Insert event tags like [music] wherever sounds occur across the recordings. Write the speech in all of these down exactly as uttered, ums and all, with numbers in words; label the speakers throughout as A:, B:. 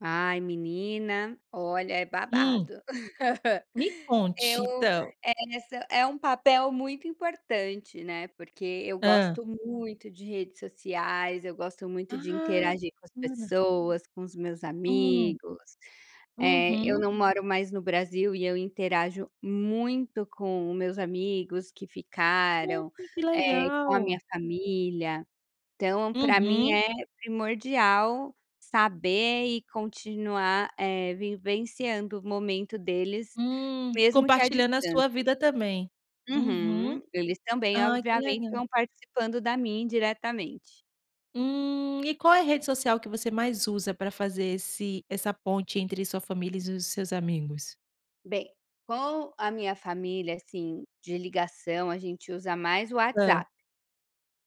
A: Ai menina, olha é
B: Hum.
A: babado.
B: Me
A: [laughs]
B: conte
A: Eu
B: então.
A: essa é um papel muito importante, né, porque eu
B: Hã.
A: gosto muito de redes sociais, eu gosto muito de
B: Ah.
A: interagir com as
B: Bacana.
A: pessoas, com os meus
B: Hum.
A: amigos, eh, eu
B: Uhum.
A: não moro mais no Brasil e eu interajo muito com o meus amigos que ficaram,
B: Poxa, que
A: com a minha
B: legal.
A: família, então para mim
B: Uhum.
A: é primordial saber e continuar, eh, vivenciando o momento deles,
B: Hum.
A: mesmo que a
B: Compartilhando a sua
A: distância.
B: vida também. Uhum.
A: Uhum. Eles também
B: Ai que
A: obviamente
B: legal.
A: vão participando da minha indiretamente.
B: Hum. E qual é a rede social que você mais usa para fazer esse essa ponte entre sua família e os seus amigos.
A: Bem, com a minha família assim de ligação, a gente usa mais o
B: Hã.
A: WhatsApp.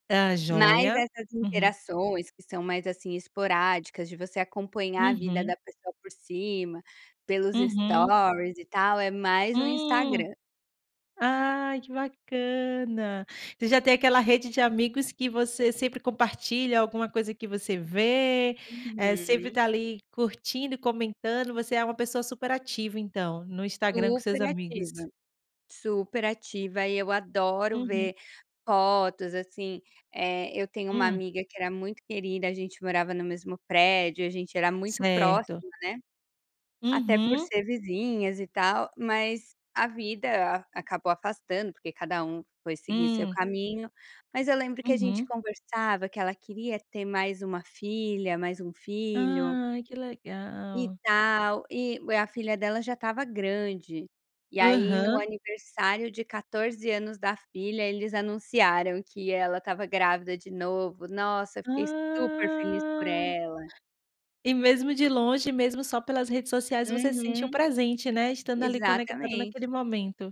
B: Tá
A: Mas
B: joia.
A: essas
B: Uhum.
A: interações que são mais, assim, esporádicas de você acompanhar a vida
B: Uhum.
A: da pessoa por cima, pelos
B: Uhum.
A: stories e tal é mais o
B: Hum.
A: Instagram.
B: Ai que bacana. Você já tem aquela rede de amigos que você sempre compartilha alguma coisa que você vê, eh, sempre
A: Uhum.
B: está ali curtindo e comentando, você é uma pessoa super ativa então, no Instagram com
A: Super
B: seus amigos.
A: ativa. Super ativa e eu adoro
B: Uhum.
A: ver fotos, assim, é, eu tenho uma
B: Hum.
A: amiga que era muito querida, a gente morava no mesmo prédio, a gente era muito
B: Certo.
A: próxima, né. Até por
B: Uhum.
A: ser vizinhas e tal mas a vida acabou afastando, porque cada um foi seguir seu
B: Hum.
A: caminho, mas eu lembro que a gente
B: Uhum.
A: conversava que ela queria ter mais uma filha, mais um filho
B: Ai que
A: e
B: legal.
A: tal e a filha dela já estava grande, e aí no
B: Aham.
A: aniversário de quatorze anos da filha eles anunciaram que ela estava grávida de novo, nossa eu fiquei super feliz por
B: Ah.
A: ela.
B: E mesmo de longe, mesmo só pelas redes sociais você se sente o
A: Uhum.
B: presente, né, estando ali conectada
A: Exatamente.
B: naquele momento.